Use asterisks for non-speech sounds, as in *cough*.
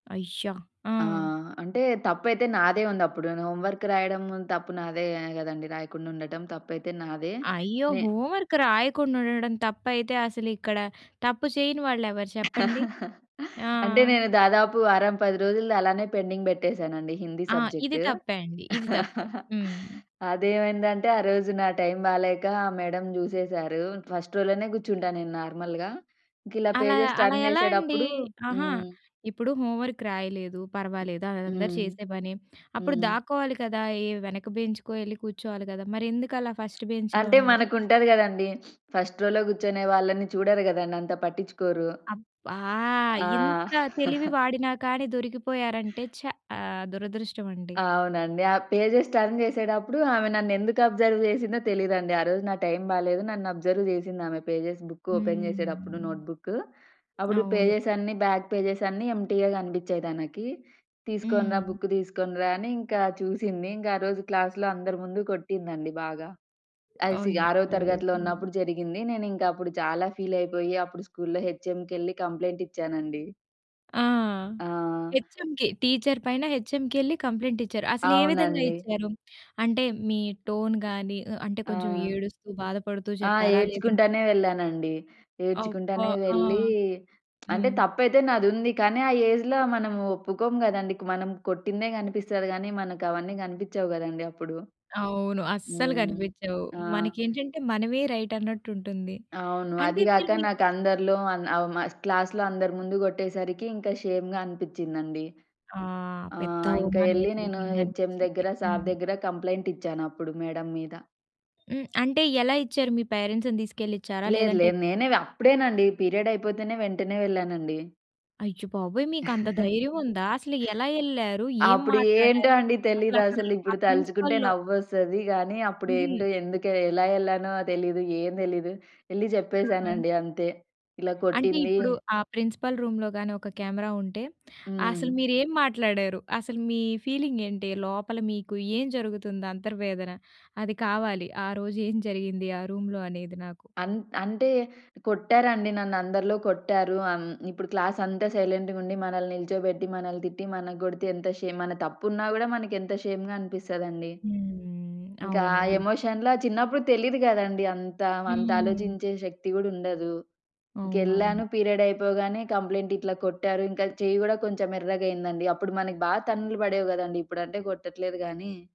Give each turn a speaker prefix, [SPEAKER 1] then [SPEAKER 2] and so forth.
[SPEAKER 1] అయ్య! ఆ!
[SPEAKER 2] ఆ! అంటే తప్పైతే నాదే ఉందప్పుడు ను హోంవర్క్ రాయడం తప్పు నాదే గదండీ! రాయకుండ ఉండటం తప్పైతే నాదే.
[SPEAKER 1] అయ్యో!
[SPEAKER 2] నే
[SPEAKER 1] హోంవర్క్ రాయకుండా ఉండడం తప్పైతే అసలిక్కడ తప్పు చేయని వాళ్ళెవరు చెప్పండి.
[SPEAKER 2] *chuckles*
[SPEAKER 1] ఆ!
[SPEAKER 2] అంటే నేను దాదాపు వారం, 10 రోజులుది అలానే పెండింగ్ బెట్టేసానండి హిందీ
[SPEAKER 1] ఆ! ఇది
[SPEAKER 2] సబ్జెక్టు.
[SPEAKER 1] తప్పే అండి. ఇది తప్పే.
[SPEAKER 2] *chuckles*
[SPEAKER 1] హ్మ్.
[SPEAKER 2] అదేమైందంటే ఆ రోజు నా టైమ్ బాలేక మేడం జూసేసారు. ఫస్ట్ రోలోనే గూర్చుంటా నేను నార్మల్‌గా. ఇంకిలా
[SPEAKER 1] అలా
[SPEAKER 2] పేజెస్
[SPEAKER 1] అలా
[SPEAKER 2] టర్న్
[SPEAKER 1] ఎలా అండి?
[SPEAKER 2] జేసేటప్పుడు
[SPEAKER 1] ఆహా!
[SPEAKER 2] హ్మ్.
[SPEAKER 1] ఇప్పుడు హోంవర్క్ రాయలేదు. పర్వాలేదు. అదందరూ
[SPEAKER 2] హ్మ్.
[SPEAKER 1] చేసే పనే. అప్పుడు
[SPEAKER 2] హ్మ్.
[SPEAKER 1] దాక్కోవాలి కదా! ఏ వెనక బెంచ్‌కో ఎళ్ళి కూర్చోవాలి గదా! మరెందుకు అలా ఫస్ట్
[SPEAKER 2] అంటే
[SPEAKER 1] బెంచ్‌లోనే?
[SPEAKER 2] మనకుంటాది కదండీ. *sniffs* ఫస్ట్ రోలో గూర్చొనే వాళ్ళని చూడరు గదండీ అంత పట్టిచ్చుకోరు.
[SPEAKER 1] అబ్బా!
[SPEAKER 2] ఆ!
[SPEAKER 1] ఇంత తెలివి
[SPEAKER 2] *chuckles*
[SPEAKER 1] వాడినా కానీ దొరికిపోయారంటే చా! ఆహ్, దురదృష్టవండి!
[SPEAKER 2] అవునండి. ఆ పేజెస్ టర్న్ జేసేటప్పుడు, ఆమె నన్నేందుకు అబ్జర్వ్ చేసిందో తెలీదండి. ఆ రోజు నా టైం బాలేదు. నన్ను అబ్జర్వ్ చేసింది ఆమె, పేజెస్ బుక్కు ఓపెన్ చేసేటప్పుడు
[SPEAKER 1] హ్మ్.
[SPEAKER 2] నోట్‌బుక్కు. అప్పుడు
[SPEAKER 1] అవును.
[SPEAKER 2] పేజెసన్నీ బ్యాక్ పేజెసన్నీ ఎంప్టీగా గపిచ్చాయి తనకి. తీసుకొనిరా
[SPEAKER 1] హ్మ్.
[SPEAKER 2] బుక్ తీసుకొనిరా అని, ఇంకా చూసింది. ఇంకా ఆరోజు క్లాస్‌లో అందరి ముందు కొట్టిందండి బాగా. అసి ఆరో
[SPEAKER 1] అయ్యో!
[SPEAKER 2] తరగతిలో ఉన్నప్పుడు జరిగింది. నేనింకప్పుడు చాలా ఫీలైపోయి, అప్పుడు స్కూల్‌లో హెచ్ఎంకెళ్లి కంప్లెయింట్ ఇచ్చానండి.
[SPEAKER 1] ఆ!
[SPEAKER 2] ఆ!
[SPEAKER 1] హెచ్‌ఎంకి, టీచర్ పైన హెచ్‌ఎంకెళ్లి కంప్లెయింటిచ్చారు. అసలే విధంగా
[SPEAKER 2] అవునండి.
[SPEAKER 1] ఇచ్చారు? అంటే మీ టోన్ గాని, ఆహ్, అంటే కొంచెం
[SPEAKER 2] ఆ!
[SPEAKER 1] ఏడుస్తూ, బాధపడుతూ
[SPEAKER 2] ఆ!
[SPEAKER 1] చెప్పారా? లేదంటే
[SPEAKER 2] ఏడ్చుకుంటానే వెళ్ళానండి.
[SPEAKER 1] అబ్బా!
[SPEAKER 2] ఏడ్చుకుంటానే
[SPEAKER 1] ఆ!
[SPEAKER 2] వెళ్లీ, అంటే
[SPEAKER 1] హ్మ్.
[SPEAKER 2] తప్పైతే నాదుంది. కానీ ఆ ఏజ్‌లో మనము ఒప్పుకోము గదండీ క్ మనం కొట్టిందే గనిపిసస్తది గానీ, మనకవన్నీ గనిపిచ్చవు గదండీ అప్పుడు!
[SPEAKER 1] అవును. అస్సలు
[SPEAKER 2] హ్మ్.
[SPEAKER 1] గనిపిచ్చవు.
[SPEAKER 2] ఆ!
[SPEAKER 1] మనకేంటంటే మనమే రైట్ అన్నట్టుంటుంది.
[SPEAKER 2] అవును.
[SPEAKER 1] అంటే
[SPEAKER 2] అది గాక
[SPEAKER 1] మీరు మీ
[SPEAKER 2] నాకందరిలో అన్ అవమా క్లాస్‌లో అందరు ముందు గొట్టేసరికి, ఇంక షేమ్‌గా అనిపిచ్చిందండి.
[SPEAKER 1] ఆ!
[SPEAKER 2] ఆ!
[SPEAKER 1] పెద్ద
[SPEAKER 2] ఇంక
[SPEAKER 1] అవమానమే
[SPEAKER 2] ఎళ్లి నేను హెచ్ఎం
[SPEAKER 1] జరిగిందనిపిచ్చింది.
[SPEAKER 2] దగ్గర, సార్
[SPEAKER 1] హ్మ్.
[SPEAKER 2] దగ్గర కంప్లెయింటిచ్చాను అప్పుడు మేడం మీద.
[SPEAKER 1] హ్మ్. అంటే ఎలా ఇచ్చారు? మీ పేరెంట్స్‌ని తీసుకెళ్ళిచ్చారా?
[SPEAKER 2] లేదు,
[SPEAKER 1] లేదంటే
[SPEAKER 2] లేదు. నేనే వ అప్పుడేనండి. పీరియడ్ అయిపోతేనే వెంటనే వెళ్ళానండి.
[SPEAKER 1] అయ్యో బాబోయ్! మీకంత ధైర్యముందా?
[SPEAKER 2] *chuckles*
[SPEAKER 1] అసలెలా ఎళ్ళారు? ఏం
[SPEAKER 2] అప్పుడేంటో
[SPEAKER 1] మాట్లాడారు?
[SPEAKER 2] అండి
[SPEAKER 1] అసలు అక్కడా ల్
[SPEAKER 2] తెలీదసలు.
[SPEAKER 1] ఆ
[SPEAKER 2] ఇప్పుడు తలుచుకుంటే
[SPEAKER 1] ప్రిన్సిపల్‌లో
[SPEAKER 2] నవ్వొస్తది గానీ,
[SPEAKER 1] హుహు.
[SPEAKER 2] అప్పుడేంటో ఎందుకే ఎలా ఎళ్ళానో తెలీదు. ఏం తెలీదు. ఎళ్లి
[SPEAKER 1] ఆ!
[SPEAKER 2] జెప్పేసానండి అంతే. ఇలా
[SPEAKER 1] అంటే
[SPEAKER 2] కొట్టింది
[SPEAKER 1] ఇప్పుడు, ఆ ప్రిన్సిపల్ రూమ్‌లో గానీ, ఒక కెమెరా ఉంటే
[SPEAKER 2] హ్మ్.
[SPEAKER 1] అసలు మీరేం మాట్లాడారు? అసలు మీ ఫీలింగేంటి? లోపల మీకు ఏం జరుగుతుంది అంతర్వేదన అది కావాలి. ఆ రోజు ఏం జరిగింది, ఆ రూమ్‌లో అనేది నాకు?
[SPEAKER 2] అంట్ అంటే కొట్టారండి నన్ను అందరిలో కొట్టారు. అన్ ఇప్పుడు క్లాసంతా సైలెంట్‌గుండి, మనల్ని నిల్చోబెట్టి, మనల్ని తిట్టి, మన కొడితే ఎంత షేమ్ మన తప్పున్నా గూడా మనకెంత షేమ్‌గా అనిపిస్తాదండి!
[SPEAKER 1] హ్మ్.
[SPEAKER 2] ఇంక
[SPEAKER 1] అవును
[SPEAKER 2] ఆ
[SPEAKER 1] నిజ్
[SPEAKER 2] ఎమోషన్‌లో చిన్నప్పుడు తెలీదు గదండీ అంతా. అంత
[SPEAKER 1] హ్మ్.
[SPEAKER 2] ఆలోచించే శక్తి గూడా ఉండదు.
[SPEAKER 1] అవునవును.
[SPEAKER 2] ఇంకెళ్ళాను పీరియడ్ అయిపోగానే కంప్లెయింట్ ఇట్లా కొట్టారు ఇంకా చెయ్యి గూడా కొంచెం ఎర్రగయిందండి. అప్పుడు మనకి బాగా తన్నులు పడేవి గదండీ ఇప్పుడంటే కొట్టట్లేదు గానీ.